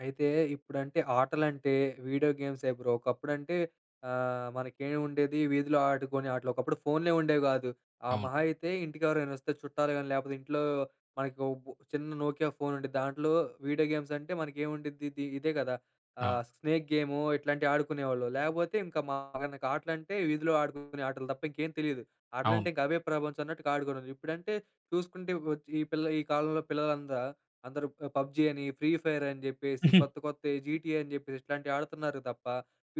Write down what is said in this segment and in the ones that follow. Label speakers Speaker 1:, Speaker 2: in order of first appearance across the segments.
Speaker 1: అయితే, ఇప్పుడంటే, ఆటలంటే video గేమ్సే, bro. ఒకప్పుడంటే, ఆహ్, మనకేం ఉండేది వీధిలో ఆడుకునే ఆటలు. ఒకప్పుడు ఫోన్‌లే, ఉండేవి గాదు. ఆహ్,
Speaker 2: అవును.
Speaker 1: మహా అయితే ఇంటికి ఎవరైనా వస్తే చుట్టాలు గాని, లేకపోతే ఇంట్లో మనకు ఒబ్ చిన్న 'నోకియా ఫోన్' ఉండిద్ది. దాంట్లో వీడియో గేమ్స్ అంటే మనకేముండ్డిద్ది ఇది. ఇదే గదా,
Speaker 2: అవును.
Speaker 1: ఆహ్, స్నేక్ గేము, ఇట్లాంటివి ఆడుకునేవాళ్ళు లేకపోతే, ఇంక మనకు ఆటలు అంటే, వీధిలో ఆడుకునే ఆటలు తప్ప ఇంకేం తెలీదు. ఆటలంటే,
Speaker 2: అవును.
Speaker 1: ఇంక అవే ప్రపంచం అన్నట్టుగా ఆడుకోవాడం. ఇప్పుడంటే చూసుకుంటే, ఇప్ వచ్చి ఈ పిల్ల ఈ కాలంలో పిల్లలంతా అందరూ, 'పబ్జీ' అని, 'ఫ్రీ ఫైర్' అని చెప్పేసి. కొత్త, కొత్త 'జీటిఎ' అని చెప్పేసి, ఇట్లాంటివి ఆడుతున్నారు తప్ప,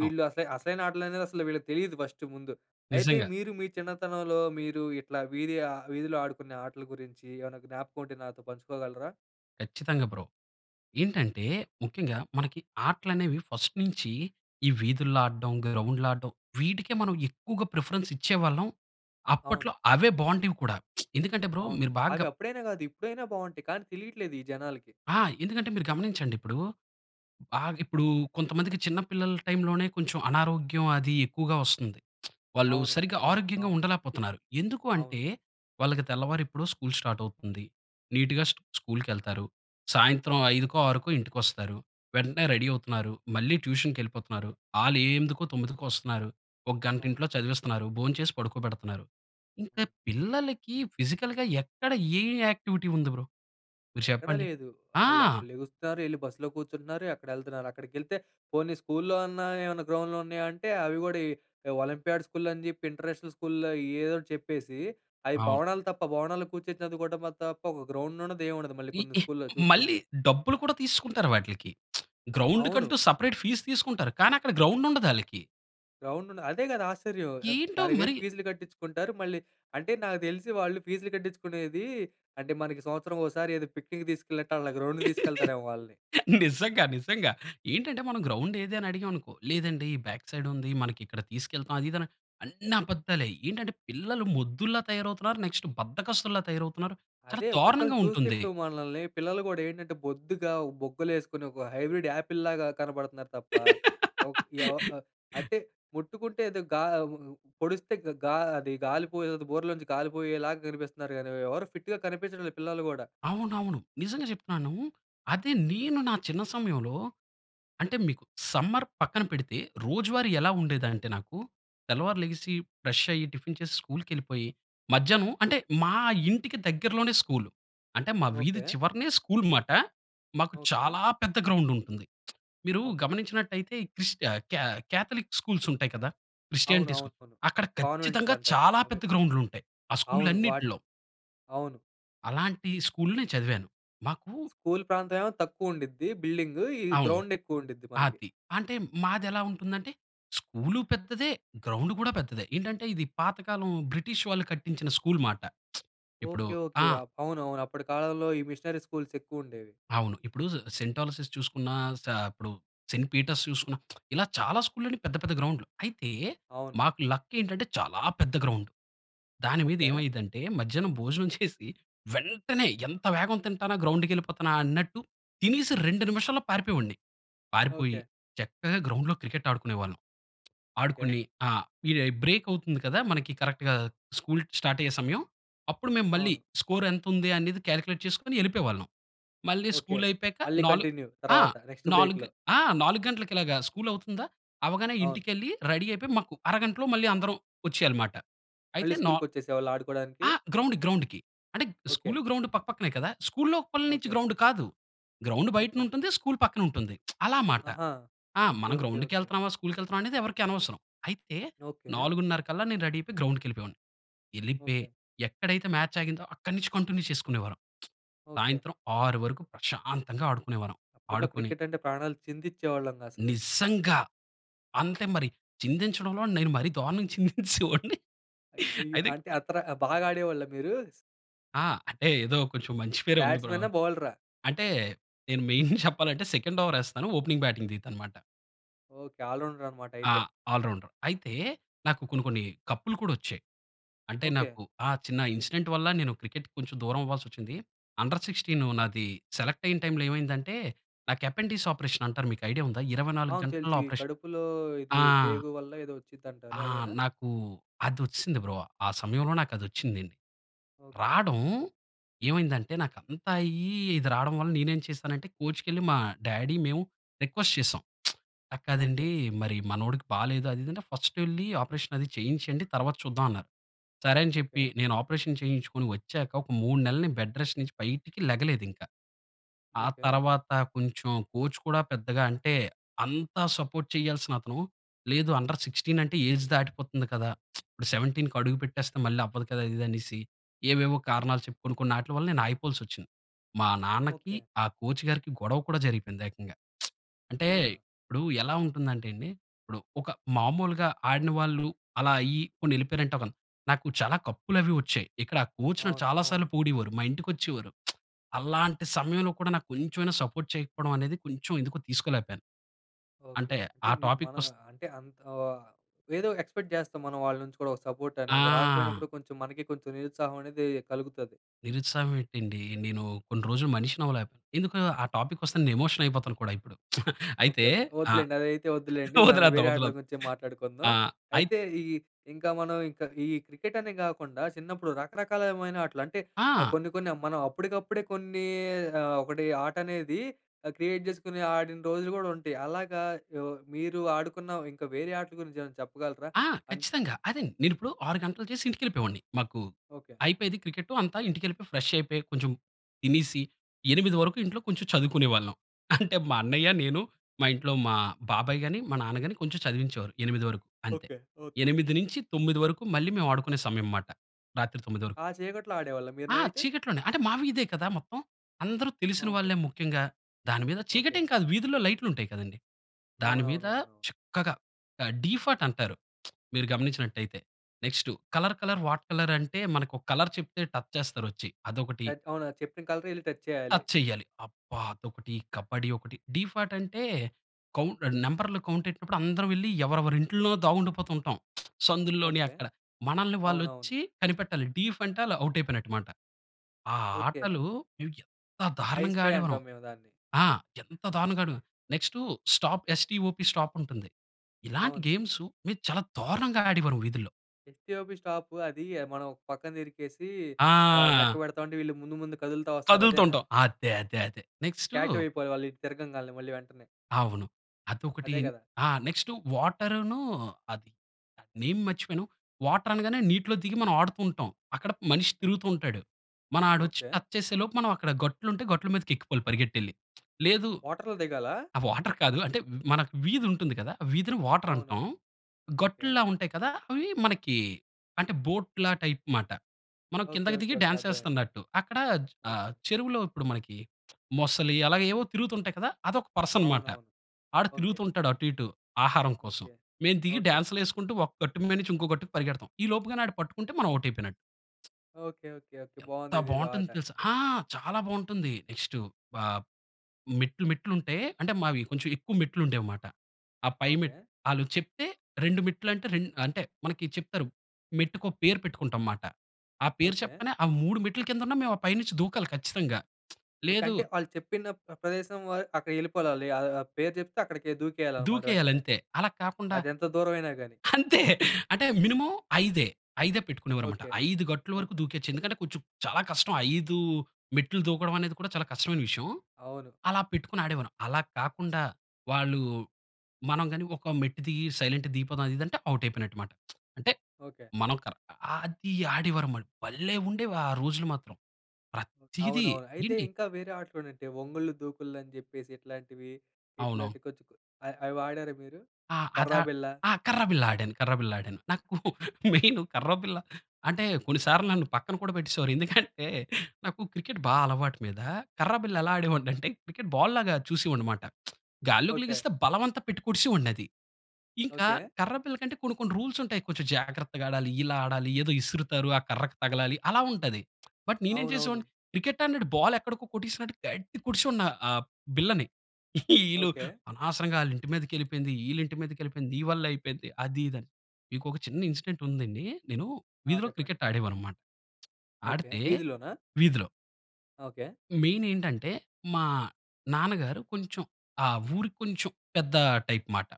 Speaker 2: అ!
Speaker 1: అస అసలైన ఆటలనేవి, అసలు వీళ్ళకి తెలీదు ఫస్టూ ముందు. అయితే
Speaker 2: నిజంగా.
Speaker 1: మీరు, మీ చిన్నతనంలో, మీరు ఇట్లా వీధి ఆహ్, వీధిలో ఆడుకునే ఆటల గురించి, ఏమైనా జ్ఞాపకం ఉంటే నాతో పంచుకోగలరా?
Speaker 2: ఖచ్చితంగా బ్రో. ఏంటంటే, ముఖ్యంగా మనకి ఆటలు అనేవి ఫస్ట్ నుంచీ, ఈ వీధుల్లో ఆడ్డం, గ్రౌండ్‌లో ఆడ్డం. వీటికే మనం ఎక్కువగా ప్రిఫరెన్స్ ఇచ్చేవాళ్ళం. అప్పట్లో
Speaker 1: అవును.
Speaker 2: అవే బాగుండేవి కూడా. ఎందుకంటే, బ్రో
Speaker 1: అవును.
Speaker 2: మీరు బాగా
Speaker 1: అవి అప్పుడైనా గాదు. ఇప్పుడైనా బాగుంటాయి. కానీ తెలియట్లేదు ఈ జనాలకి.
Speaker 2: ఆ! ఎందుకంటే మీరు గమనించండి ఇప్పుడూ, బాగ్ ఇప్పుడు కొంతమందికి చిన్న పిల్లల టైమ్‌లోనే, కొంచెం అనారోగ్యం అది ఎక్కువగా వస్తుంది. వాళ్ళు
Speaker 1: అవును.
Speaker 2: సరిగ్గా
Speaker 1: అవును.
Speaker 2: ఆరోగ్యంగా
Speaker 1: అవును.
Speaker 2: ఉండలేకపోతున్నారు. ఎందుకు అంటే,
Speaker 1: అవును.
Speaker 2: వాళ్లకి తెల్లవారు ఎప్పుడో స్కూల్ స్టార్ట్ అవుతుంది. నీట్‌గా స్టు స్కూల్ ఎళ్తారు, సాయంత్రం 5కో, 6కో ఇంటికి వస్తారు, వెంటనే రెడీ అవుతున్నారు, మళ్ళీ ట్యూషన్‌కి ఎళ్ళిపోతున్నారు, ఆళ్లే 8కో, 9కో వస్తున్నారు, ఒక గంట
Speaker 1: అవును.
Speaker 2: ఇంట్లో చదివిస్తున్నారు, భోంచేసి పడుకోబెడతన్నారు, ఇంకా పిల్లలకి ఫిజికల్‌గా, ఎక్కడ ఏ యాక్టివిటీ ఉంది బ్రో? మీరు
Speaker 1: ఎక్కడ
Speaker 2: చెప్పండి?
Speaker 1: లేదు.
Speaker 2: ఆ!
Speaker 1: వాళ్ళు అక్కడ లెగుస్తున్నారు, ఎళ్లి బస్సులో కూర్చుంటున్నారు, అక్కడ ఎళ్తున్నారు, అక్కడికి ఎళ్తే, పోనీ స్కూల్‌లో, అన్న ఏమన్నా గ్రౌండ్లు ఉన్నాయా అంటే, అవి గూడా ఈ ఒలింపియాడ్ స్కూల్ అని జేప్పి, ఇంటర్నేషనల్ స్కూల్‌లో ఏదోటి చెప్పేసి, అవి
Speaker 2: అవును.
Speaker 1: భవనాలు తప్ప, భవనాలు కూర్చొని చదువుకోవడంలో తప్ప, ఒక గ్రౌండ్ ఉండదు. ఏం ఉండదు. మళ్ళీ
Speaker 2: ఈ
Speaker 1: కొన్ని
Speaker 2: ఈ
Speaker 1: స్కూల్‌లో
Speaker 2: మళ్ళీ
Speaker 1: చూసుకుంటే.
Speaker 2: డబ్బులు కూడా తీసుకుంటారు వాట్లకి.
Speaker 1: అవును.
Speaker 2: గ్రౌండుకంటూ సెపరేట్ ఫీస్ తీసుకుంటారు. కానీ, అక్కడ గ్రౌండ్ ఉండదు ఆళ్ళకి.
Speaker 1: గ్రౌండుండదు, అదే కదా ఆశ్చర్యం! ఆ!
Speaker 2: ఏంటో
Speaker 1: దానికి వేరే
Speaker 2: మరి
Speaker 1: ఫీస్‌లు కట్టించుకుంటారు. మళ్ళీ అంటే, నాకు తెలిసి వాళ్ళు ఫీస్‌లు కట్టించుకునేది అంటే మనకి సంవత్సరం ఓసారి ఏదో పిక్నిక్ తీసుకెళ్ళినట్టు వాళ్ళ గ్రౌండ్‌కి తీసుకెళ్తారేమో వాళ్ళని.
Speaker 2: నిజంగా నిజంగా ఏంటంటే, మనం గ్రౌండ్ ఏది? అని అడిగాం అనుకో, "లేదండి బ్యాక్ సైడ్ ఉంది, మనకి ఇక్కడ తీసుకెళ్తాం" అది ఇది అన అన్నీ అబద్దాలే! ఏంటంటే పిల్లలు మొద్దుల్లా తయారవుతున్నారు, నెక్స్ట్ బద్దకస్తుల్లా తయారవుతున్నారు. చాలా
Speaker 1: అదే ఒక్కొక్కళ్ళు
Speaker 2: దారుణంగా
Speaker 1: చూస్తే,
Speaker 2: ఉంటుంది.
Speaker 1: ఇప్పుడు మనల్ని, పిల్లలు గూడా ఏంటంటే బొద్దుగా బుగ్గలేసుకొని ఒక హైబ్రిడ్ ఆపిల్‌లాగా కనపడుతున్నారు తప్ప, ఉ ఎవ అంటే ముట్టుకుంటే, ఏదో గా పొడిస్తే గా అది గాలి బోరులో నుంచి గాలి పోయేలాగా కనిపిస్తున్నారు కానీ, ఎవరు ఫిట్‌గా కనిపించడం లేదు పిల్లలు గూడా.
Speaker 2: అవునవును, నిజంగా చెప్తున్నాను, అది నేను నా చిన్న సమయంలో, అంటే మీకు సమ్మర్ పక్కన పెడితే రోజువారీ ఎలా ఉండేదంటే, నాకు తెల్లవారు లెగిసి, ఫ్రెష్ అయ్యి టిఫిన్ చేసి, స్కూల్‌కి వెళ్ళిపోయి, మధ్యాహ్నం అంటే మా ఇంటికి దగ్గరలోనే స్కూలు, అంటే మా వీధి
Speaker 1: ఓకే.
Speaker 2: చివరనే స్కూల్ మాట. మాకు
Speaker 1: ఓకే.
Speaker 2: చాలా పెద్ద స్కూల్ ఉంటుంది. మీరు
Speaker 1: ఓకే.
Speaker 2: గమనించినట్లయితే ఈ క్రిస్ కే కే క్యాథలిక్ స్కూల్స్ ఉంటాయి కదా,
Speaker 1: అవును.
Speaker 2: క్రిస్టియానిటీ స్కూ
Speaker 1: అవునవును.
Speaker 2: అక్కడ ఖచ్చితంగా
Speaker 1: కాన్వెంటులంటారు,
Speaker 2: చాలా
Speaker 1: అవే.
Speaker 2: పెద్ద గ్రౌండ్‌లు ఉంటాయి ఆ
Speaker 1: అవును వాట్
Speaker 2: స్కూళ్ళన్నింటిలో.
Speaker 1: అవును.
Speaker 2: అలాంటి స్కూల్‌నే చదివాను. మాకు
Speaker 1: స్కూల్ ప్రాంతం ఏమో తక్కువండిద్ది, బిల్డింగు. ఈ
Speaker 2: అవును.
Speaker 1: గ్రౌండ్ ఎక్కువండిద్ది మనకి.
Speaker 2: ఆతి. అంటే మాది ఎలా ఉంటుందంటే, స్కూలూ పెద్దదే గ్రౌండ్ గూడా పెద్దదే. ఏంటంటే ఇది పాతకాలం బ్రిటిష్ వాళ్ళు కట్టించిన స్కూల్ మాట. ఎప్పుడు
Speaker 1: ఓకే. ఓకే.
Speaker 2: ఆ!
Speaker 1: అవునవును. అప్పటి కాలంలో ఈ మిషనరీ స్కూల్స్ ఎక్కువ ఉండేవి.
Speaker 2: అవును. ఇప్పుడు సెయింట్ ఆలసిస్ చూసుకున్నా, స ఇప్పుడు సెయింట్ పీటర్స్ చూసుకున్నా ఇలా చాలా స్కూల్‌లో పెద్ద పెద్ద గ్రౌండ్‌లు. అయితే
Speaker 1: అవును.
Speaker 2: మాకు లక్కేంటంటే చాలా పెద్ద గ్రౌండు. దాని మీద
Speaker 1: ఓకే.
Speaker 2: ఏమైదంటే మధ్యాహ్నం భోజనం చేసి వెంటనే, ఎంత వేగం తింటానా, గ్రౌండ్‌కెళ్ళిపోతానా అన్నట్టు తినేసి 2 నిమిషాల్లో పారిపోయేవాడిని. పారిపోయి,
Speaker 1: ఓకే.
Speaker 2: చక్కగా గ్రౌండ్‌లో క్రికెట్ ఆడుకునే వాళ్ళం.
Speaker 1: ఓకే.
Speaker 2: ఆడుకొని ఆ! ఇది బ్రేక్ అవుతుంది కదా! మనకి, కరెక్ట్‌గా స్కూల్ స్టార్ట్ అయ్యే సమయం, అప్పుడు మేము మళ్ళీ
Speaker 1: అవును.
Speaker 2: స్కోర్ ఎంత ఉంది? అనేది క్యాలిక్యులేట్ చేసుకొని వెళ్ళిపోయేవాళ్ళం. మళ్ళీ
Speaker 1: ఓకే.
Speaker 2: స్కూలయిపోయాక
Speaker 1: మళ్ళీ
Speaker 2: నాలు
Speaker 1: కంటిన్యూ.
Speaker 2: ఆ!
Speaker 1: తర్వాత నెక్స్ట్
Speaker 2: నాలుగ్
Speaker 1: బ్రేక్‌లో.
Speaker 2: ఆ! 4 గంటలకి ఇలాగా స్కూల్ అవుతుందా, అవ్వగానే
Speaker 1: అవును.
Speaker 2: ఇంటికెళ్ళి, రెడీ అయిపోయి, మాకు అరగంటలో మళ్ళీ అందరం వచ్చేయాలమాట. అయితే
Speaker 1: మళ్ళీ
Speaker 2: నా
Speaker 1: స్కూల్‌కి వచ్చేసేవాళ్ళ ఆడుకోవడానికి?
Speaker 2: ఆ! గ్రౌండ్ గ్రౌండ్‌కి అంటే
Speaker 1: ఓకే.
Speaker 2: స్కూలు, గ్రౌండు పక్కపక్కనే కదా. స్కూల్లోపలి నుంచి
Speaker 1: ఓకే.
Speaker 2: గ్రౌండ్ కాదు, గ్రౌండ్ బయటన
Speaker 1: ఓకే.
Speaker 2: ఉంటుంది. స్కూలు పక్కనుంటుంది. అలా మాట.
Speaker 1: ఆహా!
Speaker 2: ఆ!
Speaker 1: ఓకే.
Speaker 2: "మనం
Speaker 1: ఓకే. ఓకే.
Speaker 2: గ్రౌండ్‌కెళ్తన్నామా, స్కూల్‌కెళ్తన్నామా?" అనేది ఎవరికీ అనవసరం. అయితే
Speaker 1: ఓకే.
Speaker 2: 4:30 కల్లా నేను రెడీ అయిపోయి గ్రౌండ్‌కెళ్ళిపోయావాడిని. వెళ్లిపోయి
Speaker 1: ఓకే.
Speaker 2: ఎక్కడైతే మ్యాచ్ ఆగిందో, అక్కడి నుంచి కంటిన్యూ చేసుకునేవారం.
Speaker 1: ఓకే.
Speaker 2: సాయంత్రం 6 వరకు ప్రశాంతంగా ఆడుకునేవారం.
Speaker 1: అప్పట్లో
Speaker 2: ఆడుకొని
Speaker 1: క్రికెట్ అంటే ప్రాణాలు చిందిచ్చేవాళ్ళంగా అసలు.
Speaker 2: నిజంగా అంతే, మరి చిందించడంలో నేను మరి దారుణంగా చిందించేసే వొడ్ని
Speaker 1: అ అయ్యో!
Speaker 2: అది
Speaker 1: అంటే అంతర బాగా ఆడేవాళ్ళ మీరు?
Speaker 2: ఆ! అంటే ఏదో కొంచెం మంచి పేరే ఉంది బ్రో.
Speaker 1: బ్యాట్‌మెనా? బౌలరా?
Speaker 2: అంటే, నేను మెయిన్ చెప్పాలంటే సెకండ్ ఓవర్ ఏస్తాను. ఓపెనింగ్ బాటింగ్ దిగుతాను మాట.
Speaker 1: ఓకే. ఆల్ రౌండర్ అన్నమాట
Speaker 2: ఆ!
Speaker 1: అయితే.
Speaker 2: All rounder. అయితే, నాకు కొన్ని కొన్ని కప్‌లు కూడా వచ్చాయి. అంటే
Speaker 1: ఓకే.
Speaker 2: నాకు ఆ! చిన్న ఇన్సిడెంట్ వల్ల, నేను క్రికెట్‌కి కొంచెం దూరం అవ్వాల్సి వచ్చింది. Under 16
Speaker 1: okay.
Speaker 2: నాది సెలెక్ట్ అయ్యే టైమ్‌లో ఏమైందంటే, నాకు యపండీస్ ఆపరేషన్ అంటారు మీకు ఐడియా ఉందా? 24
Speaker 1: అవును తెలుసు.
Speaker 2: గంటల్లో
Speaker 1: ఈ
Speaker 2: ఆపరేషన్.
Speaker 1: కడుపులో ఇది
Speaker 2: ఆ!
Speaker 1: పేగు వల్ల, ఏదో వచ్చింది అంటారు.
Speaker 2: ఆ!
Speaker 1: అదేనా?
Speaker 2: నాకు అది వచ్చేసింది బ్రో. ఆ సమయంలో నాకు అది వచ్చింది.
Speaker 1: ఓకే.
Speaker 2: రాడం ఏమైందంటే నాకు అంతా అయ్యి, ఇది రాడం వల్ల నేనేం చేశానంటే, కోచ్‌కి వెళ్ళి మా డాడీ, మేము రిక్వెస్ట్ చేసాం. అది కాదండీ,
Speaker 1: ఓకే.
Speaker 2: మరి మనోడికి బాలేదు, అది, ఇది అని. ఫస్ట్ వెళ్ళి ఆపరేషన్ అది చేయించండి. తర్వాత చూద్దాం అన్నారు. సరే అని చెప్పి
Speaker 1: ఓకే.
Speaker 2: నేను ఆపరేషన్ చేయించుకొని వచ్చాక, ఒక 3 నెలలు నేను బెడ్ రెస్ట్ నుంచి బయటికి లెగలేదు ఇంకా. ఆ
Speaker 1: ఓకే.
Speaker 2: తర్వాత కొంచెం కోచ్ కూడా పెద్దగా అంటే, అంత సపోర్ట్ చేయాల్సిన అతను లేదు అండర్ 16 అంటే ఏజ్ దాటిపోతుంది కదా. ఇప్పుడు 17 కి అడుగు పెట్టేస్తే మళ్ళీ అవ్వదు కదా! అదీ ఇదీ అనేసి, ఏవేవో కారణాలు చెప్పి, కొన్ని కొన్ని వాటి వల్ల ఆగిపోవాల్సి వచ్చింది. మా నాన్నకి,
Speaker 1: ఓకే.
Speaker 2: ఆ కోచ్ గారికి గొడవ కూడా జరిగిపోయింది ఏకంగా. అంటే
Speaker 1: అవునా!
Speaker 2: ఇప్పుడు ఎలా ఉంటుందంటే అండి. ఇప్పుడు ఒక మామూలుగా ఆడిన వాళ్ళు, అలా అయ్యి, పోనీ ఎళ్ళిపోయారంటే ఒక అన్ నాకు చాలా కప్పులు అవి వచ్చాయి. ఇక్కడ కోచ్ నన్ను
Speaker 1: అవును.
Speaker 2: చాలా సార్లు
Speaker 1: అవును.
Speaker 2: పొగిడేవారు. మా ఇంటికి వచ్చేవారు. అలాంటి సమయంలో కూడా నాకు కొంచెం అయినా సపోర్ట్ చేయకపోవడం అనేది, కొంచెం ఎందుకో తీసుకోలేక పోయాను.
Speaker 1: ఓకే.
Speaker 2: అంటే
Speaker 1: అంటే
Speaker 2: ఆ
Speaker 1: మీ
Speaker 2: టాపిక్ వస్
Speaker 1: మనవా అంటే అంత్ వా ఏదో ఎక్స్‌పెక్ట్ జేస్తాం. మనం వాళ్ళ నుంచి కూడా ఒక సపోర్ట్ అనేది.
Speaker 2: ఆ!
Speaker 1: రాకపోయినప్పుడు కొంచెం మనకి కొంచెం నిరుత్సాహం అనేది కలుగుతాది.
Speaker 2: నిరుత్సాహం ఏంటండి? నేను కొన్ని రోజులు మనిషిని అవ్వలా. ఎందుకో ఆ టాపిక్ వస్తే నేను ఎమోషన్ అయిపోతాను కూడా ఇపుడు.
Speaker 1: ఓకే.
Speaker 2: అయితే
Speaker 1: ఓకే.
Speaker 2: ఆ!
Speaker 1: వద్దులెండి. అదైతే వద్దులెండి. మనం
Speaker 2: వదిలేద్దాం,
Speaker 1: వేరే ఆటల
Speaker 2: వదిలేద్దాం.
Speaker 1: గురించి మాట్లాడుకుందాం.
Speaker 2: ఆహ్, అయి
Speaker 1: అయితే ఈ ఇంకా, మనం ఇంకా ఈ క్రికెట్ అనే కాకుండా, చిన్నప్పుడు రకరకాలమైన ఆటలు, అంటే ఆహ్,
Speaker 2: ఆ!
Speaker 1: కొన్ని కొన్ని మనం అప్పడికప్పుడే కొన్ని, ఆహ్, ఒకటి ఆట అనేది అహ్, క్రియేట్ చేసుకొని ఆడిన రోజులు గూడా ఉంటాయి. అలాగా యో మీరు ఆడుకున్న, ఇంకా వేరే ఆటల గురించి ఏమైనా చెప్పగలరా?
Speaker 2: ఆ!
Speaker 1: అండ్
Speaker 2: ఖచ్చితంగా. అదే నేను ఇప్పుడు 6 గంటలు చేసి ఇంటికి వెళ్ళిపోయేవాడిని. మాకు
Speaker 1: ఓకే.
Speaker 2: అయిపోయేది క్రికెట్టు అంతా. ఇంటికి వెళ్ళిపోయి, ఫ్రెష్ అయిపోయి, కొంచెం తినేసి, 8 వరకు ఇంట్లో కొంచెం చదువుకునే వాళ్ళం. అంటే మా అన్నయ్య, నేను మా ఇంట్లో మా బాబాయ్ గాని, మా నాన్న గాని కొంచెం చదివించేవారు, 8 వరకు అంతే.
Speaker 1: ఓకే. ఓకే.
Speaker 2: 8 నుంచి 9 వరకు మళ్ళీ మేము ఆడుకునే సమయం మాట. రాత్రి 9 వరకు.
Speaker 1: ఆ చీకట్లో ఆడేవాళ్ళా మీరు
Speaker 2: ఆ!
Speaker 1: నైటు?
Speaker 2: చీకట్లోనే. అంటే మా వీధే కదా మొత్తం. అందరు తెలిసిన
Speaker 1: ఓకే.
Speaker 2: వాళ్ళే ముఖ్యంగా. దాని మీద
Speaker 1: ఓకే.
Speaker 2: చీకటేం కాదు వీధిలో లైట్‌లు ఉంటాయి కదండీ. దాని మీద
Speaker 1: అవునవునవును.
Speaker 2: చక్కగా ఆహ్, డీఫట్ అంటారు. మీరు గమనించినట్లయితే. Next colour colour, what colour అంటే, మనకు కలర్ చెప్తే టచ్ చేస్తారు వచ్చి అదొకటి.
Speaker 1: టచ్ అవునా? చెప్పిన కలరే వెళ్లి టచ్ చేయాలి.
Speaker 2: టచ్ చెయ్యాలి. అబ్బా! అదొకటీ, కబాడ్డీ ఒకటి, డీఫాట్ అంటే కౌంట్ అహ్, నంబర్‌లు కౌంట్ ఎట్టినప్పుడు అందరం వెళ్లి ఎవరెవరి ఇంట్లో దాగుండిపోతూ ఉంటాం. సందుల్లోని
Speaker 1: ఓకే.
Speaker 2: అక్కడ. మనల్ని వాళ్ళు
Speaker 1: అవునవును.
Speaker 2: వచ్చి కనిపెట్టాలి. డీఫ్ అంటే ఆళ్ళు ఔట్ అయిపోయినట్టు అనమాట. ఆ
Speaker 1: ఓకే.
Speaker 2: ఆటలు మేం ఎంత
Speaker 1: ఐస్
Speaker 2: దారుణంగా
Speaker 1: పే
Speaker 2: ఆడేవారం.
Speaker 1: అంటాం. మేము దాన్ని.
Speaker 2: ఆ! ఎంత దారుణంగా ఆడే నెక్స్ట్ స్టాప్ ఎస్-టి-ఓ-పీ స్టాప్ ఉంటుంది. ఇలాంటి
Speaker 1: అవును.
Speaker 2: గేమ్సూ మేము చాలా దారుణంగా ఆడేవారం వీధుల్లో.
Speaker 1: ఎస్-టి-ఒ-పి స్టాప్ అది, మనం పక్కన తిరిగేసి, ఆహ్,
Speaker 2: ఆ!
Speaker 1: లెక్కపెడతా ఉంటే, వీళ్ళు ముందు ముందు కదులుతా వస్తారు. అదేనా?
Speaker 2: కదులుతుంటాం. అదే అదే అదే. నెక్స్టు
Speaker 1: స్టాట్యు అయిపోవాలి వాళ్లిటు తిరగంగాల్నే మళ్ళీ వెంటనే.
Speaker 2: అవును. అదొకటి.
Speaker 1: అదే కదా!
Speaker 2: ఆ! నెక్స్టు, వాటర్‌ను అది నేమ్ మర్చిపోయాను. వాటర్ అనగానే నీటిలో దిగి, మనం ఆడుతూంటాం. అక్కడ మనిషి తిరుగుతూ ఉంటాడు. మనం ఆడొచ్చి
Speaker 1: ఓకె.
Speaker 2: టచ్ చేసే లోపు, మనం అక్కడ గట్టులుంటే, గట్ల మీదకెక్కిపోవాలి పరిగెట్టెళ్లి. లేదు,
Speaker 1: వాటర్లో దిగాలా?
Speaker 2: అ! వాటర్ కాదు. అంటే, మనకు వీధుంటుంది కదా, ఆ వీధిని వాటర్
Speaker 1: అవును.
Speaker 2: అంటాం.
Speaker 1: ఓకె.
Speaker 2: గట్టుల్లా ఉంటాయి కదా! అవి మనకి. అంటే, బోట్‌లా టైప్ మాట. మనం
Speaker 1: ఓకె,
Speaker 2: కిందకి
Speaker 1: ఓకె,
Speaker 2: దిగి
Speaker 1: ఓకె.
Speaker 2: డ్యాన్స్
Speaker 1: అర్థమైంది.
Speaker 2: ఏస్తన్నట్టు. అక్కడ ఆహ్,
Speaker 1: ఓకె.
Speaker 2: చెరువులో, ఇప్పుడు మనకి మొసలి అలాగే ఏవో తిరుగుతుంటాయి కదా. అదొక పర్సన్ మాట.
Speaker 1: అవునవును.
Speaker 2: ఆడు
Speaker 1: ఓకె.
Speaker 2: తిరుగుతూంటాడు అటు ఇటు, ఆహారం కోసం.
Speaker 1: ఓకె.
Speaker 2: మేం దిగి,
Speaker 1: ఓకె.
Speaker 2: డాన్స్‌‌లేసుకుంటూ, ఒక గట్టు మీనుంచి ఇంకో గట్టుకి పరిగెడతాం. ఈలోపుగానాడు పట్టుకుంటే, మనం ఔట్ అయిపోయినట్టు.
Speaker 1: Okay, okay, okay.
Speaker 2: ఎంత
Speaker 1: బాగుందిదేదో
Speaker 2: బావుంటుంది
Speaker 1: ఆట.
Speaker 2: తెలుసా? ఆ! చాలా బావుంటుంది. నెక్స్టు, ఆహ్, మెట్లు మెట్లుంటే, అంటే మావి కొంచెం ఎక్కువ మెట్లుండేవిమాట. ఆ పై మెట్
Speaker 1: ఓకె.
Speaker 2: ఆళ్ళు చెప్తే, 2 మెట్లంటే, రెండ్ అంటే మనకి చెప్తారు. మెట్టుకో పేరు పెట్టుకుంటాంమాట. ఆ పేరు
Speaker 1: ఓకె.
Speaker 2: చెప్పగానే, ఆ 3 మెట్ల కిందున్నా, మేము ఆ పైనుంచి దూకాలి ఖచ్చితంగా.
Speaker 1: ఓకె.
Speaker 2: లేదు
Speaker 1: అంటే, ఆళ్ళు చెప్పిన ప్ర ప్రదేశం వాలు అక్కడికెళిపోలాలి. ఆ ఆ పేరు చెప్తే అక్కడికె దూకేయాలనమాట వెంటనే.
Speaker 2: దూకేయాలంతే. అలా కాకుండా,
Speaker 1: అది ఎంత దూరం అయినా గాని.
Speaker 2: అంతే. అంటే మినిమమ్ ఐదే. ఐదే పెట్టుకునేవారు మాట.
Speaker 1: ఓకె.
Speaker 2: 5 గట్లు
Speaker 1: ఓకె.
Speaker 2: వరకు దూకేయచ్చు. ఎందుకంటే, కొంచెం చాలా కష్టం. 5 మెట్లు దూకడం అనేది కూడా, చాలా కష్టమైన విషయం.
Speaker 1: అవును.
Speaker 2: అలా పెట్టుకొని ఆడేవాళ్ళం. అలా కాకుండా, వాళ్ళు మనం గాని ఒక మెట్టు దిగి, సైలెంట్‌గా దిగిపోదాం అది ఇది అంటే, ఔట్ అయిపోయినట్టుమాట. అంటే,
Speaker 1: ఓకె.
Speaker 2: మనం కర్ అది ఆడీవారు మాట. భలే ఉండేవి ఆ రోజులు మాత్రం. ప్రతీది
Speaker 1: అవునవును. అయితే
Speaker 2: ఏంటి
Speaker 1: ఇంకా వేరే ఆటలుండుంటే, వంగుళ్ళు దూకుల్లు, అని జెప్పేసిట్లాంటివి.
Speaker 2: అవును.
Speaker 1: ఇట్లాంటి కొంచెం కొ అ అవి ఆడారా మీరు?
Speaker 2: ఆ!
Speaker 1: కర్రా
Speaker 2: అదా,
Speaker 1: బిల్ల?
Speaker 2: ఆ! కర్ర బిల్ల ఆడాను. కర్ర బిల్ల ఆడాను. నాకు మెయిను కర్రబిల్ల అంటే, కొన్ని సార్లు నన్ను పక్కన కూడా పెట్టేసేవారు. ఎందుకంటే, నాకు క్రికెట్ బా అలవాటు మీద. కర్రబిల్ల ఎలా ఆడేవాడినంటే, క్రికెట్ బాల్ లాగా చూసీవాడినిమాట. గాల్లోకి
Speaker 1: ఓకె.
Speaker 2: లెగిస్తే, బలవంతా పెట్టి కొట్టీసీవాడినది. ఇంకా,
Speaker 1: ఓకె.
Speaker 2: కర్ర బిల్ల కంటే కొన్ని కొన్ని రూల్స్ ఉంటాయి. కొంచెం జాగ్రత్తగా ఆడాలి. ఇలా ఆడాలి. ఏదో ఇసురుతారు. ఆ కర్రకి తగలాలి. అలా ఉంటది. బట్ నీనేం
Speaker 1: అవునవును.
Speaker 2: చేసేవాడిని? క్రికెట్ ఆడినట్టు బాల్ ఎక్కడికో కొట్టీసినట్టు, గట్టిగ కొట్టిసివాడిని ఆ బిళ్ళని. ఈళ్ళు
Speaker 1: ఓకె.
Speaker 2: "అనవసరంగా ఆళ్ళింటి మీదకెళిపోయింది, ఈళ్ళింటి మీదకెళిపోయింది, నీ వల్లే అయిపోయింది." అది ఇది అని. మీకొక చిన్న ఇన్సిడెంట్ ఉందండి. నేను,
Speaker 1: ఆ!
Speaker 2: వీధిలో
Speaker 1: చెప్పండి.
Speaker 2: క్రికెట్ ఆడేవాడినిమాట.
Speaker 1: ఓకె.
Speaker 2: ఆడితే,
Speaker 1: వీధిలోనా?
Speaker 2: వీధిలో
Speaker 1: ఓకె.
Speaker 2: మెయిన్ ఏంటంటే, మా నాన్నగారు కొంచెం, ఆ ఊరికి కొంచెం 'పెద్ద' టైప్ మాట.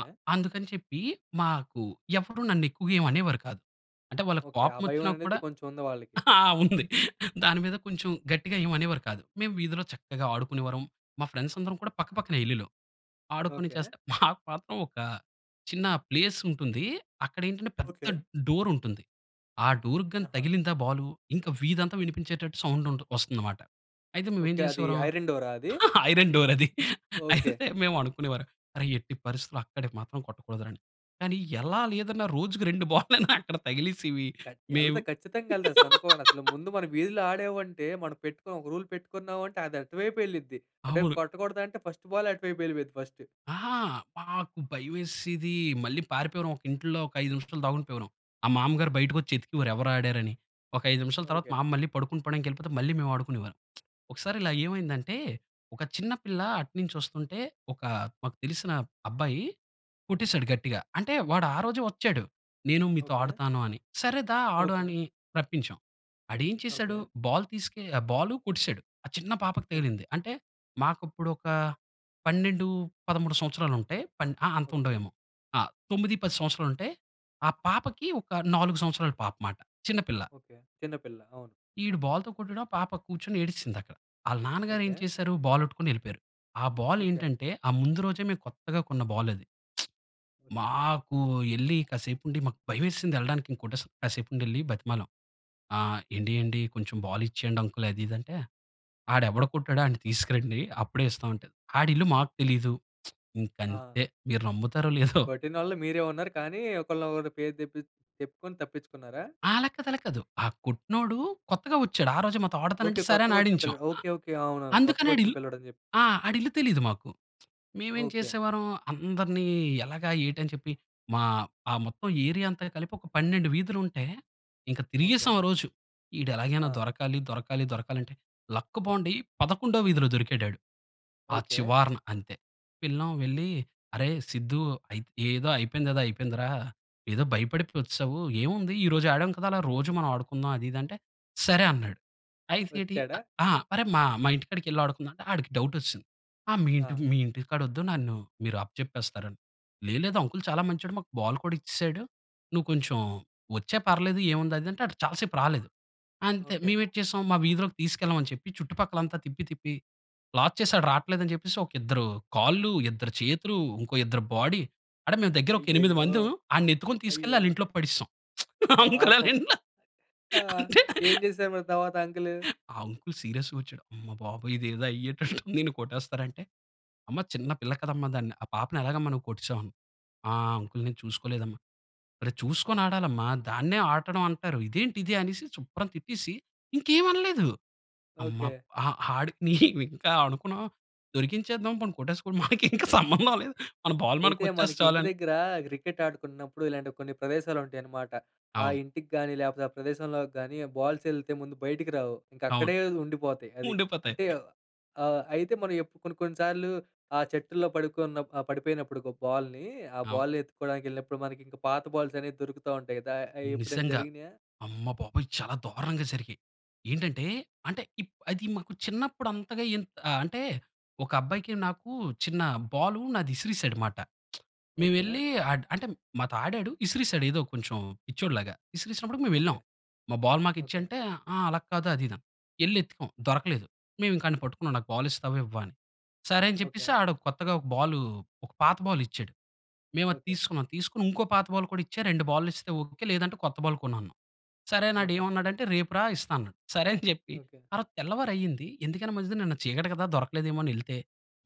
Speaker 2: అ అందుకని చెప్పి, మాకు ఎవరూ నన్ను ఎక్కువగా ఏమి అనేవారు కాదు. అంటే వాళ్ళకి
Speaker 1: ఓకె. ఆ
Speaker 2: కోపం
Speaker 1: భయం
Speaker 2: వచ్చినా
Speaker 1: అనేది,
Speaker 2: కూడా,
Speaker 1: కొంచెం ఉంది వాళ్ళకి.
Speaker 2: ఉంది. దాని మీద కొంచెం, గట్టిగా ఏమి అనేవారు కాదు. మేము వీధిలో చక్కగా ఆడుకునేవారము. మా ఫ్రెండ్స్ అందరం కూడా పక్కపక్కనే ఇల్లులు. ఆడుకొని
Speaker 1: ఓకె.
Speaker 2: చేస్తే మాకు మాత్రం, ఒక చిన్న ప్లేస్ ఉంటుంది. అక్కడ ఏంటంటే, పెద్ద
Speaker 1: ఓకె.
Speaker 2: డోర్ ఉంటుంది. ఆ డోర్‌కి గాని,
Speaker 1: ఆహా!
Speaker 2: తగిలిందా బాలు, ఇంకా వీధంతా వినిపించేటట్టు, సౌండుంటు వస్తుంది మాట. అయితే మేము ఏం
Speaker 1: ఓకె. అది
Speaker 2: చేసేవారం,
Speaker 1: ఐరన్ డోర్ ఆ, అది?
Speaker 2: ఐరన్ డోర్ అది.
Speaker 1: ఓకె.
Speaker 2: అయితే మేము అనుకునేవారం, "అరేయ్, ఎట్టి పరిస్థితిలో అక్కడికి మాత్రం, కొట్టకూడదు రా" అని. కానీ ఎలా లేదన్న, రోజుకి రెండు బాల్ లన్న, అక్కడ తగిలేసేవి.
Speaker 1: ఖఛ్
Speaker 2: మేమ్
Speaker 1: ఎళ్తాయి. ఖచ్చితంగా ఎళ్తాయి. అసలు అనుకోండి. అసలు ముందు మన వీధిలో ఆడాము అంటే, మనం పెట్టుకున్న ఒక రూల్ పెట్టుకున్నాం అంటే, అది అటువైపే ఎళ్ళిద్ది. అటువైపు
Speaker 2: అవును.
Speaker 1: కొట్టకూడదు అంటే, ఫస్ట్ బాలె అటువైపే ఎళ్ళిపోయిద్ది ఫస్ట్.
Speaker 2: ఆ! మాకు భయమేసేది. మళ్ళీ పారిపోయేవారం, ఒక ఇంట్లో ఒక 5 నిమిషాలు దాగుండిపోయేవారం. ఆ మామగారు బయటకు వచ్చి, ఎతికేవారు ఎవరు ఆడారని. ఒక 5 నిమిషాల తర్వాత,
Speaker 1: ఓకె.
Speaker 2: మామ్మ మళ్ళీ పడుకొని పోవడానికి వెళ్ళిపోతే, మళ్ళీ మేము ఆడుకునేవారం. ఒకసారి ఇలా ఏమైందంటే, ఒక చిన్న పిల్ల అటునుంచి వస్తుంటే ఒక, మాకు తెలిసిన అబ్బాయి కొట్టేసాడు గట్టిగా. అంటే వాడు
Speaker 1: ఓక్
Speaker 2: ఆరోజే వచ్చాడు. "నేను మీతో
Speaker 1: ఓకె.
Speaker 2: ఆడతాను" అని. "సరే దా ఆడు"
Speaker 1: ఓకె.
Speaker 2: అని రప్పించాం. ఆడెం చేశాడు,
Speaker 1: ఓకె.
Speaker 2: బాల్ తీసుకె ఆ బాల్ కొట్టేసాడు. ఆ చిన్న పాపకి
Speaker 1: ఓక్
Speaker 2: తగిలింది. అంటే మాకు అప్పుడు ఒక 12, 13 సంవత్సరాలు ఉంటాయి. పన్ ఆ! అంత
Speaker 1: ఓకె.
Speaker 2: ఉండవు ఏమో, ఆ! 9, 10 సంవత్సరాలు ఉంటే, ఆ పాపకి, ఒక 4 సంవత్సరాల పాప మాట. చిన్న పిల్ల.
Speaker 1: ఓకె. చిన్నపిల్ల. అవును.
Speaker 2: ఈడు బాల్ తో కొట్టడం, ఆ! పాప కూర్చొని ఏడ్చింది అక్కడ. ఆళ్ళ నాన్నగారు ఏం
Speaker 1: ఓకె.
Speaker 2: చేసారు బాల్ అట్టుకొని వెళ్ళిపోయారు. ఆ బాల్
Speaker 1: ఓకె.
Speaker 2: ఏంటంటే, ఆ ముందు రోజే మేము కొత్తగా కొన్న బాలది.
Speaker 1: ఓకె.
Speaker 2: మాకు ఎళ్లి కాసేపు ఉండి, మాకు భయమేసింది ఎళ్ళడానికి ఇంకోటేస్ కాసేపు ఉండి ఎళ్లి, బ్రతిమాలం. ఆహ్, "ఎండి, అండి, కొంచెం బాలు ఇచ్చేయండి అంకుల్ అది, ఇది," అంటే, ఆడు ఎవడు కొట్టాడో వాడిని తీసుకురండి. అప్పుడే ఇస్తాం అంటే, ఆడి ఇల్లు మాకు తెలియదు, ఇంక
Speaker 1: ఆ!
Speaker 2: అంతే! మీరు నమ్ముతారో, లేదో
Speaker 1: కొట్టినోళ్ళు, మీరే ఉన్నారు. కానీ, ఒకళిని ఒకరు, పేరు తెప్పిఛ్ చెప్పుకొని తప్పించుకున్నారా?
Speaker 2: ఆ! అలాకాదు, అలాకాదు. ఆ కొట్టినోడూ, కొత్తగా వచ్చాడు. ఆ రోజే మాతో ఆడతాను
Speaker 1: ఓకె.
Speaker 2: అంటే, సరే
Speaker 1: కొత్తగా
Speaker 2: అని
Speaker 1: వచ్చిన
Speaker 2: ఆడించాం.
Speaker 1: పిల్లాడు.
Speaker 2: అ
Speaker 1: ఓకె. ఓకె. అవునవును. కొత్తగా
Speaker 2: అందుకని ఆడి
Speaker 1: వచ్చిన
Speaker 2: ఇల్లు
Speaker 1: పిల్లాడు అని చెప్
Speaker 2: ఆ! ఆడిల్లు తెలీదు మాకు. మేము ఏం
Speaker 1: ఓకె.
Speaker 2: చేసేవారం, అందర్నీ ఎలాగా, ఏటి, అని చెప్పి, మా ఆ మొత్తం ఏరియా అంతా కలిపి, ఒక 12 వీధులు ఉంటే, ఇంకా
Speaker 1: ఓకె.
Speaker 2: తిరిగేసాం ఆ రోజు. ఈడు ఎలాగైనా
Speaker 1: ఆ!
Speaker 2: దొరకాలి, దొరకాలి, దొరకాలి అంటే, లక్క్ బావుండి, పదకొండో వీధిలో దొరికాడాడు. ఆ
Speaker 1: ఓకె.
Speaker 2: చివార్న. అంతే, పిల్లం వెళ్లి, "అరేయ్ సిద్దు, అయితె ఏదో అయిపోయింది, ఏదో అయిపోయిందిరా! ఏదో భయపడిపోయి వచ్చేసావు. ఏముంది, ఈరోజు ఆడాం కదా, అలా రోజూ మనం ఆడుకుందాం." అది, ఇది అంటే, "సరే" అన్నాడు. అయితే ఏటీ, అ
Speaker 1: వచ్చాడా?
Speaker 2: ఆ! "అరేయ్, మా మా ఇంటికాడికెళ్ళి, ఆడుకుందాం అంటే, ఆడికి డౌట్ వచ్చేసింది. ఆహ్, మీ ఇంటి
Speaker 1: ఆ!
Speaker 2: మీ ఇంటికాడ, వద్దు. నన్ను మీరు అప్పచెప్పేస్తారని. "లేదు, లేదు, అంకుల్ చాలా మంచోడు. మాకు బాల్ కూడా ఇచ్చేసాడు. నువ్వు కొంచెం, వచ్చేయ్ పర్లేదు, ఏముంది? "అది అంటే, చాలా సేపు రాలేదు. అంతే!
Speaker 1: ఓకె.
Speaker 2: మేము ఏటి చేసాం, మా వీధిలోకి తీసుకెళ్ళమని చెప్పి, చుట్టుపక్కల అంతా తిప్పి, తిప్పి, లాక్ చేసాడు, రాట్లేదు అని చెప్పేసి, ఒక ఇద్దరు కాళ్ళు, ఇద్దరు చేతులు, ఇంకో ఇద్దరు, బాడీ అంటే, మేము దగ్గర ఒక 8
Speaker 1: అయ్యయ్యో!
Speaker 2: మందిము. ఆడిని ఎత్తుకొని, తీసుకెళ్లి,
Speaker 1: అయ్యో!
Speaker 2: ఆళ్ళ ఇంట్లోకి పడేసాం. అంకుల్ ఆళ్ళ
Speaker 1: పాపం.
Speaker 2: ఇంట్లో.
Speaker 1: అ!
Speaker 2: అంతె.
Speaker 1: ఏం చేసారు మరి, తర్వాత అంకుల్?
Speaker 2: ఆ అంకుల్, సీరియస్‌గా వచ్చాడు. అమ్మ బాబోయ్! ఇదేదో అయ్యేటట్టు ఉంది. ఈడ్ని కొట్టేస్తారంటే, "అమ్మ, చిన్న పిల్ల కదమ్మా! దాన్ని ఆ పాపని, ఎలాగమ్మా నువ్వు కొట్టేసావు?" "ఆహ్, అంకుల్ నేను చూసుకోలేదమ్మ" అన్నాడు. "ఒరేయ్, చూసుకొని ఆడాలమ్మ! దాన్నే ఆడడం, అంటారు. ఇదేంటిది?" అనేసి శుభ్రం తిట్టేసి, ఇంకేమి అనలేదు. అమ్మ!
Speaker 1: ఓకె.
Speaker 2: అహా! ఆడికినీ ఇంకా అనుకున్నాం, దొరికించేద్దాం. పోని కొట్టేసుకోని. మనకి ఇంకా సంబంధం లేదు. మన బాల్ మనకు,
Speaker 1: అయితే,
Speaker 2: వచ్చేస్తే
Speaker 1: మనకి
Speaker 2: చాలు
Speaker 1: ఇంటి
Speaker 2: అని.
Speaker 1: దగ్గర క్రికెట్ ఆడుకున్నప్పుడు, ఇలాంటి కొన్ని ప్రదేశాలు ఉంటాయన్నమాట. ఆ
Speaker 2: అవును.
Speaker 1: ఇంటికి గాని, లేకపోతే ఆ ప్రదేశంలోకి గాని, ఆ బాల్స్ ఎళ్తే, ముందు బయటికి రావు. ఇంకా
Speaker 2: అవును.
Speaker 1: అక్కడే ఉండిపోతాయి అది.
Speaker 2: ఉండిపోతాయి.
Speaker 1: అంటే, ఆహ్, అయితే మనం ఏప్ కొన్ని, కొన్ని సార్లు, ఆ చెట్టులో పడుకున్నప్ ఆ పడిపోయినప్పుడు, ఒక బాల్‌ని, ఆ
Speaker 2: అవును.
Speaker 1: బాల్ ఎత్తుక్కోవడానికి ఎళ్ళినప్పుడు మనకి ఇంకా పాత బాల్స్ అనేవి దొరుకుతా ఉంటాయి కదా! అయి ఎప్పుడైనా
Speaker 2: నిజంగా!
Speaker 1: జరిగినాయా?
Speaker 2: అమ్మబాబోయ్! చాలా దారుణంగా జరిగాయి, ఏంటంటే, అంటే, ఇప్ అది, మాకు చిన్నప్పుడు, అంతగా ఏం ఆహ్, అంటే ఒక అబ్బాయికి, నాకు, చిన్న బాలూ నాది విసిరేసాడు మాట. మేము
Speaker 1: ఓకె.
Speaker 2: ఎళ్లి, అట్ అంటే, మాతో ఆడాడు, విసిరేసాడు. ఏదో కొంచెం పిచ్చోడిలాగా. విసిరేసినప్పుడుకీ, మేము వెళ్ళాం.
Speaker 1: ఓకె.
Speaker 2: "మా బాల్ మాకు ఇచ్చేయ్"
Speaker 1: ఓకె.
Speaker 2: అంటే, ఆహ్, అలా కాదు, అది, ఇది అని. ఎళ్లి ఎతికాం దొరకలేదు. మేము ఇంకా ఆడిని పట్టుకున్నాం. "నాకు బాల్ ఇస్తావా, ఇవ్వవా?" అని. సరే అని చెప్పేసి,
Speaker 1: ఓకె.
Speaker 2: ఆడు కొత్తగా ఒక బాల్ ఒక పాత బాల్ ఇచ్చాడు. మేము అది
Speaker 1: ఓకె.
Speaker 2: తీసుకున్నాం. తీసుకొని, ఇంకో పాత బాల్ కూడా ఇచ్చా. 2 బాల్లు ఇస్తే ఓకె. లేదంటే కొత్త బాల్ కొను, అన్నాం. సరే అని, ఆడు
Speaker 1: ఓకె.
Speaker 2: ఏమన్నాడంటే, "రేపు రా! ఇస్తాను" అన్నాడు. సరే అని చెప్పి,
Speaker 1: ఓకె.
Speaker 2: ఆరోజు తెల్లవారి అయింది. ఎందుకైనా మంచిది అని, నిన్న చీకటి కదా దొరకలేదేమో అని ఎళ్తే,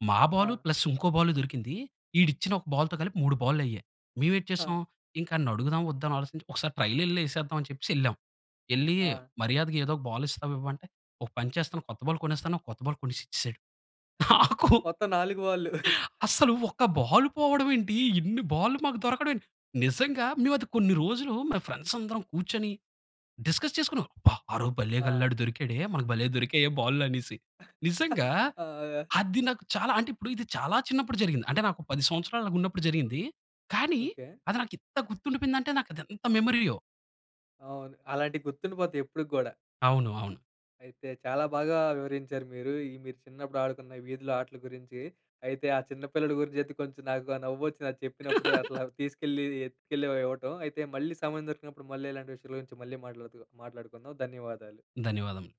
Speaker 2: మా బాల్,
Speaker 1: ఆ!
Speaker 2: ప్లస్ ఇంకో బాల్ దొరికింది. ఈడు ఇచ్చిన ఒక బాల్‌తో కలిపి, 3 బాల్లు అయ్యాయి. మేము ఏటి చేసాం,
Speaker 1: హ.
Speaker 2: ఇంకా ఆన్ని అడుగుదామా? వద్దా? అని ఆలోచించి, ఒకసారి ట్రైల్ ఎళ్లి, ఏసేద్దాం అని చెప్పేసి, ఎళ్ళాము. ఎళ్లీ,
Speaker 1: ఆ!
Speaker 2: మర్యాదగా ఏదో ఒక బాల్ ఇస్తావా? ఇవ్వా? అంటే, ఒక పని చేస్తాను, కొత్త బాల్ కొనేస్తాను. కొత్త బాల్ కొనేసి ఇచ్చేసాడు. నాకూ
Speaker 1: మొత్తం 4 బాళ్ళు.
Speaker 2: అస్సలు, ఒక బాల్ పోవడం ఏంటి? ఇన్ని బాల్లు మాకు దొరకడం ఏంటి? నిజంగా మేము, అది కొన్ని రోజులు మా ఫ్రెండ్స్ అందరం కూర్చొని, డిస్కస్ చేసుకున్నాం. "అబ్బా! ఆరోజు, భళ్ళేగ అల్లా,
Speaker 1: ఆ!
Speaker 2: ఆడు దొరికాడే! మనకు భలే దొరికాయే! బాల్లు." అనేసి. నిజంగా
Speaker 1: ఆ!
Speaker 2: అది నాకు చాలా, అంటే ఇప్పుడు ఇది, చాలా చిన్నప్పుడు జరిగింది. అంటే నాకు 10 సంవత్సరాలు అలాగ ఉన్నప్పుడు జరిగింది. కానీ
Speaker 1: ఓకె.
Speaker 2: అది నాకు ఇంత గుర్తుండిపోయింది అంటే, నాకు అది ఎంత మెమరీయో!
Speaker 1: అవును. అలాంటివి గుర్తుండిపోతాయి ఎప్పటికి గూడా.
Speaker 2: అవును, అవును.
Speaker 1: అయితే, చాలా బాగా వివరించారు మీరు. ఈ మీరు చిన్నప్పుడు ఆడుకున్న, వీధిలో ఆటల గురించి. అయితే, ఆ చిన్న పిల్లల గురించి అయితే, కొంచెం నాకు, ఆ నవ్వొచ్చింది నాకు చెప్పినప్పుడు. అట్లా తీసుకెళ్ళి, ఎత్తుకెళ్ళి, ఇవ్వటం. అయితే, మళ్ళీ సమయం దొరికినప్పుడు మళ్ళీ, ఇలాంటి విషయాల గురించి మళ్ళీ, మాట్లాడుతు మాట్లాడుకుందాం. ధన్యవాదాలు.
Speaker 2: ధన్యవాదములు.